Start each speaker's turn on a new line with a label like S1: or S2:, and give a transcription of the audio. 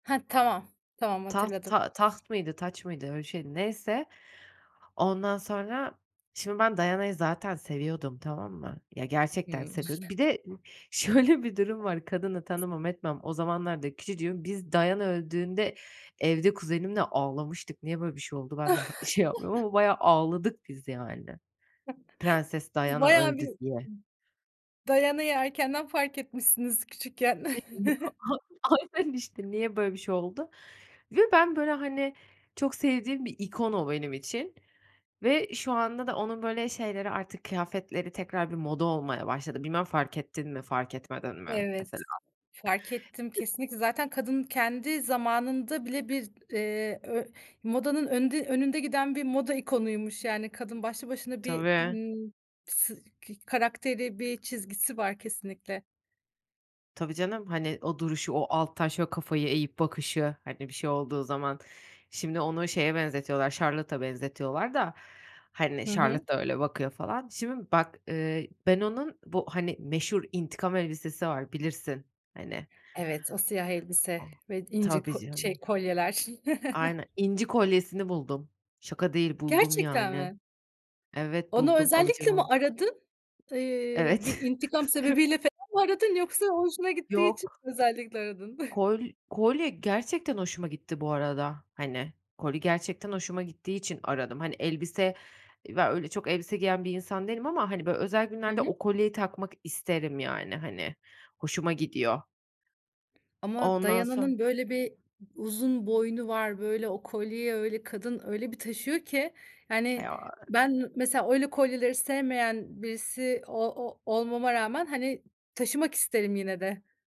S1: Hah. Tamam, tamam
S2: Taht
S1: hatırladım.
S2: ta taht mıydı, taç mıydı? Öyle bir şeydi. Neyse, ondan sonra, şimdi ben Diana'yı zaten seviyordum, tamam mı? Ya, gerçekten
S1: Hımm.
S2: seviyordum. Bir de şöyle bir durum var: Kadını
S1: S
S2: tanımam etmem, o zamanlar da küçücüğüm. Biz Diana öldüğünde evde kuzenimle ağlamıştık. Niye böyle bir şey oldu? Ben de ha şey yapmıyorum ama bayağı ağladık biz yani. "Prenses
S1: Siz
S2: Diana
S1: bayağı bir
S2: öldü." diye.
S1: D Diana'yı erkenden fark etmişsiniz küçükken.
S2: [unintelligible] Aynen işte, niye böyle bir şey oldu? Ve ben, böyle, hani, çok sevdiğim bir ikon o benim için ve şu anda da onun böyle şeyleri, artık kıyafetleri tekrar bir moda olmaya başladı. Bilmem fark ettin mi, fark etmedin mi
S1: Evet,
S2: mesela?
S1: fark ettim.
S2: [unintelligible]
S1: Kesinlikle, zaten kadın kendi zamanında bile bir, eee, ö modanın önünde önünde giden bir moda ikonuymuş. Yani kadın başlı başına bir,
S2: Tabii.
S1: ımm, s kı karakteri, bir çizgisi var kesinlikle.
S2: Tabii canım. Hani o duruşu, o alttan şöyle kafayı eğip bakışı. Hani, bir şey olduğu zaman. Şimdi onu şeye benzetiyorlar, Charlotte'a benzetiyorlar da, hani,
S1: Hı hı.
S2: Charlotte da öyle bakıyor falan. Şimdi bak, eee, ben onun bu hani meşhur intikam elbisesi var, bilirsin. Hani.
S1: Evet. O siyah elbise ve inci
S2: Tabii
S1: ko şey,
S2: canım.
S1: kolyeler.
S2: Aynen, inci kolyesini buldum. Şaka değil, buldum
S1: Gerçekten
S2: yani.
S1: mi?
S2: Evet,
S1: Onu
S2: buldum. Alacağım
S1: özellikle mi
S2: onu.
S1: aradın? Iıı, bir
S2: Evet.
S1: intikam sebebiyle
S2: Evet.
S1: falan mı aradın? Yoksa hoşuna gittiği için
S2: Yok.
S1: mi özellikle aradın?
S2: Kol kolye gerçekten hoşuma gitti, bu arada. Hani, kolye gerçekten hoşuma gittiği için aradım. Hani, elbise, ya öyle çok elbise giyen bir insan değilim ama, hani, böyle, özel
S1: Hı
S2: günlerde
S1: hı.
S2: o kolyeyi takmak isterim yani. Hani, hoşuma gidiyor.
S1: Ama
S2: Ondan sonra
S1: Diana'nın böyle bir u uzun boynu var. Böyle o kolyeyi öyle, kadın öyle bir taşıyor ki Yani
S2: [unintelligible]
S1: ben, eee, mesela öyle kolyeleri sevmeyen birisi o ol olmama rağmen, hani, taşımak isterim yine de.